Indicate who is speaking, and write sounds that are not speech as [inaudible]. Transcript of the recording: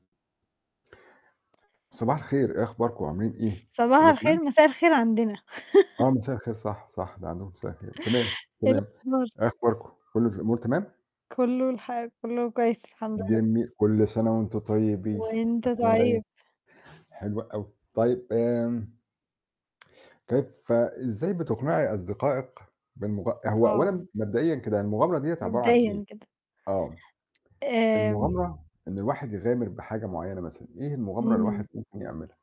Speaker 1: صباح الخير، إيه أخباركم، عاملين إيه،
Speaker 2: صباح
Speaker 1: كُلّه
Speaker 2: الخير،
Speaker 1: تمام؟
Speaker 2: مساء الخير عندنا.
Speaker 1: آه،
Speaker 2: [laughs]
Speaker 1: مساء الخير صح، صح، ده عندكم مساء الخير، تمام،
Speaker 2: [chuckles] إيه
Speaker 1: تمام.
Speaker 2: الأخبار؟
Speaker 1: إيه أخباركم، كُلّ الأمور تمام؟
Speaker 2: كُلّه الح كُلّه كويس الحمد لله.
Speaker 1: جميل، كُلّ سنة وأنتم طيبين،
Speaker 2: وأنت
Speaker 1: عشان العيد،
Speaker 2: طيب.
Speaker 1: حلو أوي. طيب آمم [tsk] كيف إزاي بتقنعي أصدقائك بالمغ هو
Speaker 2: آه.
Speaker 1: أولًا مبدئيًا كده المغامرة ديَّة عبارة عن إيه؟
Speaker 2: مبدئيًا كده.
Speaker 1: آه.
Speaker 2: آمم
Speaker 1: المغامرة إن الواحد يغامر بحاجة معيّنة مثلًا، إيه المغامرة اللي الواحد
Speaker 2: إمم.
Speaker 1: ممكن يعملها؟